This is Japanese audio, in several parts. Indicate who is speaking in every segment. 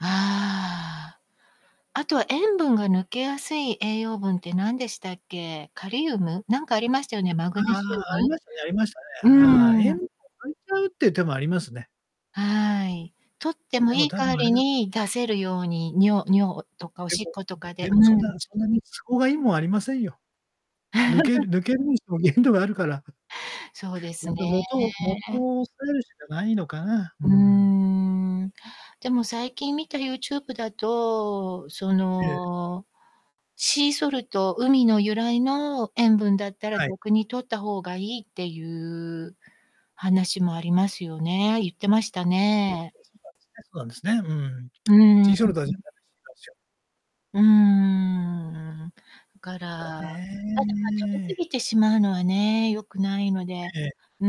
Speaker 1: ああ。あとは塩分が抜けやすい栄養分ってなんでしたっけ、カリウム、なんかありましたよね、マグネ
Speaker 2: ああ
Speaker 1: シ
Speaker 2: あ
Speaker 1: ウ
Speaker 2: あ、ありましたねありましたね。
Speaker 1: ム
Speaker 2: ああ。
Speaker 1: う
Speaker 2: え
Speaker 1: ー
Speaker 2: ん
Speaker 1: ん。
Speaker 2: を抜いちゃうっていう手もありますね。
Speaker 1: はい、摂って
Speaker 2: あ、
Speaker 1: も
Speaker 2: でも
Speaker 1: いい
Speaker 2: 多
Speaker 1: 代わ
Speaker 2: 分あれ
Speaker 1: り
Speaker 2: だ
Speaker 1: に出せるように尿尿とかお
Speaker 2: で
Speaker 1: しっ
Speaker 2: も、ん、
Speaker 1: ことかで
Speaker 2: で
Speaker 1: う
Speaker 2: も、そん
Speaker 1: ん。
Speaker 2: なそんなに都合がいいもんありませんよ。抜ける 抜けるにしても限度があるから。
Speaker 1: そうです
Speaker 2: やっ
Speaker 1: ね。
Speaker 2: ぱ元を元を押さえるしかないのかな、う
Speaker 1: うー
Speaker 2: ん。
Speaker 1: ん。でも最近見た YouTube だと、そ
Speaker 2: ええ。
Speaker 1: の、シーソルト、海の由来の塩分だったら
Speaker 2: はい。
Speaker 1: 逆に摂った方がいいっていう話もありますよね。言ってました
Speaker 2: う
Speaker 1: ね。
Speaker 2: おしばし、え、そうなんですね。うん。
Speaker 1: うーん。う
Speaker 2: ティー
Speaker 1: ん
Speaker 2: ショルダーじ
Speaker 1: う
Speaker 2: ゃ、
Speaker 1: ん。
Speaker 2: だるしがしょ。
Speaker 1: うーん、だから、
Speaker 2: だ
Speaker 1: ただ、ま、食べ過
Speaker 2: ね。
Speaker 1: ぎてしまうのはね、良くないので、
Speaker 2: ええ。
Speaker 1: うー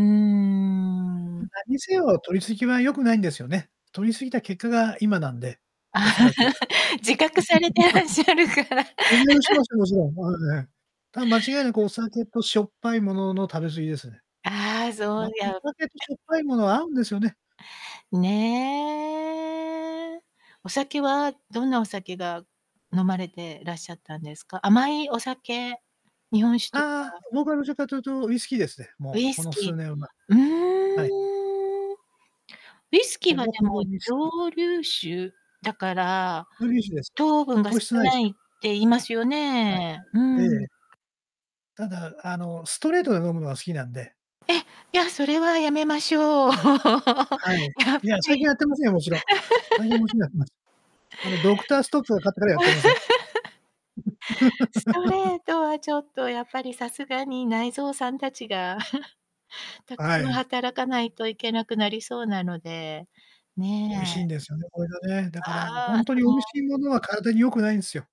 Speaker 2: うん、
Speaker 1: ん。
Speaker 2: なんにせよ摂りすぎは良くないんですよね。摂りすぎた結果が今なんで、おそらく。
Speaker 1: 自覚されてら っしゃるから。
Speaker 2: うん、や、しま すよ、もちろん。まあ、ね、多分間違いなくお酒としょっぱいものの食べ過ぎですね。
Speaker 1: ああ、そう、
Speaker 2: またお
Speaker 1: や、う
Speaker 2: 酒とし
Speaker 1: [unintelligible]
Speaker 2: ょっぱいものは合うんですよね。
Speaker 1: ねえ。お酒はどんなお酒が飲まれてらっしゃったんですか？甘いお酒、日本酒と
Speaker 2: ああ、
Speaker 1: か？
Speaker 2: 僕はどちらかというと、ウイスキーですね。
Speaker 1: ウ
Speaker 2: も
Speaker 1: イ
Speaker 2: う、こ
Speaker 1: ス
Speaker 2: の
Speaker 1: キー、
Speaker 2: 数年は。
Speaker 1: うー
Speaker 2: はい。
Speaker 1: ん。ウイスキー
Speaker 2: ほ
Speaker 1: はで
Speaker 2: ぼほ
Speaker 1: も
Speaker 2: ぼ、ウイスキー。
Speaker 1: 蒸留酒だから、
Speaker 2: 蒸留酒です。
Speaker 1: 糖分が
Speaker 2: 糖
Speaker 1: 少
Speaker 2: 質ないす
Speaker 1: ないっ
Speaker 2: よ。
Speaker 1: て言いますよ
Speaker 2: はい、
Speaker 1: ね。う
Speaker 2: えええ
Speaker 1: ん。
Speaker 2: え。ただ、あの、ストレートで飲むのが好きなんで
Speaker 1: え、いやそれはやめましょう。
Speaker 2: はい。
Speaker 1: やばい。
Speaker 2: い や、最近やってませんよ、もちろん。ラインおちなくます、あの、ドクターストップかかってからやってません。
Speaker 1: スト レートはちょっとやっぱりさすがに、内臓さんたちが、たく
Speaker 2: は
Speaker 1: さん
Speaker 2: い。
Speaker 1: 働かないといけなくなりそうなので、
Speaker 2: 美味しい
Speaker 1: ね。
Speaker 2: んですよね、これがね。だからほ
Speaker 1: ああ、す
Speaker 2: んとに美味
Speaker 1: ご。
Speaker 2: しいものは、体に良くないんすよ。